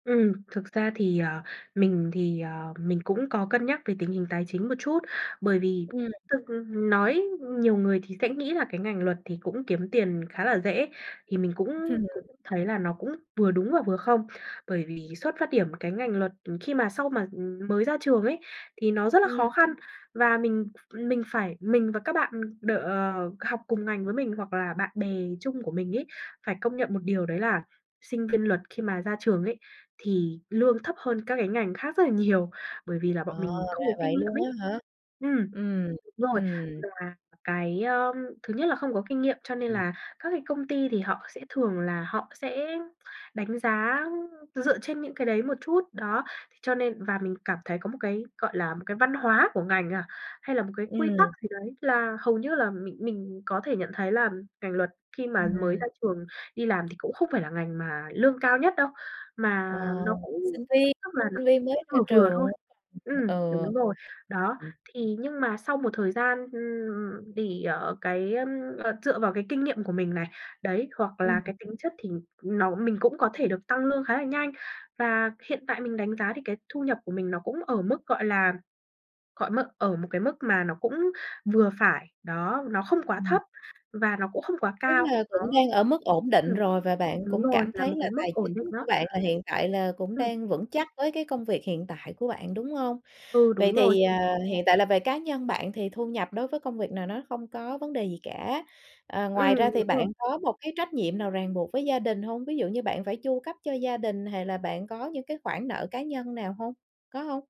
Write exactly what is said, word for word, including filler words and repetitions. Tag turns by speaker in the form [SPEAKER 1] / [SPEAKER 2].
[SPEAKER 1] Ừm, thực ra thì, ờ, mình thì, ờ, mình cũng có cân nhắc về tình hình tài chính một chút. Bởi vì
[SPEAKER 2] Ừm.
[SPEAKER 1] thực nói nhiều người thì sẽ nghĩ là cái ngành luật thì cũng kiếm tiền khá là dễ, thì mình cũng
[SPEAKER 2] Ừm.
[SPEAKER 1] cũng thấy là nó cũng vừa đúng và vừa không. Bởi vì xuất phát điểm cái ngành luật, ừm, khi mà sau mà, ừm, mới ra trường ấy, thì nó rất là
[SPEAKER 2] Ừm.
[SPEAKER 1] khó khăn và mình ph mình phải mình và các bạn đ ờ, học cùng ngành với mình hoặc là bạn bè chung của mình ấy, phải công nhận một điều đấy là, sinh viên luật khi mà ra trường ấy, thì lương thấp hơn các cái ngành khác rất là nhiều, bởi vì là bọn
[SPEAKER 2] Ờ,
[SPEAKER 1] mình không
[SPEAKER 2] ra
[SPEAKER 1] có kinh
[SPEAKER 2] vậy
[SPEAKER 1] nghiệm
[SPEAKER 2] luôn
[SPEAKER 1] ấy.
[SPEAKER 2] á hả?
[SPEAKER 1] Ừm.
[SPEAKER 2] Ừm,
[SPEAKER 1] Đúng rồi,
[SPEAKER 2] ừm.
[SPEAKER 1] và cái, ơ, thứ nhất là không có kinh nghiệm cho nên
[SPEAKER 2] Ừm.
[SPEAKER 1] là các cái công ty thì họ sẽ thường là họ sẽ đánh giá dựa trên những cái đấy một chút, đó. Thế cho nên và mình cảm thấy có một cái, gọi là, một cái văn hóa của ngành à, hay là một cái quy tắc
[SPEAKER 2] Ừm.
[SPEAKER 1] gì đấy là hầu như là mình mình có thể nhận thấy là ngành luật khi mà mới
[SPEAKER 2] Ừm.
[SPEAKER 1] ra trường đi làm thì cũng không phải là ngành mà lương cao nhất đâu,
[SPEAKER 2] Ờ,
[SPEAKER 1] mà nó
[SPEAKER 2] sinh
[SPEAKER 1] cũng
[SPEAKER 2] viên,
[SPEAKER 1] tức là nó
[SPEAKER 2] sinh viên mới ra
[SPEAKER 1] vừa vừa thôi.
[SPEAKER 2] trường. [unintelligible]
[SPEAKER 1] Ừm,
[SPEAKER 2] Ừ.
[SPEAKER 1] đúng rồi. Đó,
[SPEAKER 2] [unintelligible]
[SPEAKER 1] thì nhưng mà sau một thời gian, ừm, thì, ờ, cái, ờm, ờ, dựa vào cái kinh nghiệm của mình này, đấy, hoặc
[SPEAKER 2] Ừm.
[SPEAKER 1] là cái tính chất thì nó mình cũng có thể được tăng lương khá là nhanh và hiện tại mình đánh giá thì cái thu nhập của mình nó cũng ở mức, gọi là, gọi mức ở một cái mức mà nó cũng vừa phải, đó, nó không quá
[SPEAKER 2] Ừm.
[SPEAKER 1] thấp và nó cũng không quá
[SPEAKER 2] Tức
[SPEAKER 1] cao
[SPEAKER 2] là cũng đang
[SPEAKER 1] [unintelligible]
[SPEAKER 2] ở mức ổn định
[SPEAKER 1] ừm,
[SPEAKER 2] rồi, và bạn
[SPEAKER 1] đúng
[SPEAKER 2] cũng
[SPEAKER 1] rồi,
[SPEAKER 2] cảm
[SPEAKER 1] là
[SPEAKER 2] thấy
[SPEAKER 1] một
[SPEAKER 2] là
[SPEAKER 1] cái mức
[SPEAKER 2] tài
[SPEAKER 1] ổn định
[SPEAKER 2] chính của
[SPEAKER 1] đó.
[SPEAKER 2] bạn là hiện tại là cũng
[SPEAKER 1] Ừm.
[SPEAKER 2] đang vững chắc với cái công việc hiện tại của bạn, đúng hông?
[SPEAKER 1] Ừ,
[SPEAKER 2] Vậy
[SPEAKER 1] đúng rồi.
[SPEAKER 2] thì, à, hiện tại là về cá nhân bạn thì thu nhập đối với công việc này nó không có vấn đề gì cả. À, ngoài ra
[SPEAKER 1] Ừm, đúng
[SPEAKER 2] thì bạn
[SPEAKER 1] rồi.
[SPEAKER 2] có một cái trách nhiệm nào ràng buộc với gia đình hông? Ví dụ như bạn phải chu cấp cho gia đình, hày là bạn có những cái khoản nợ cá nhân nào hông? Có hông?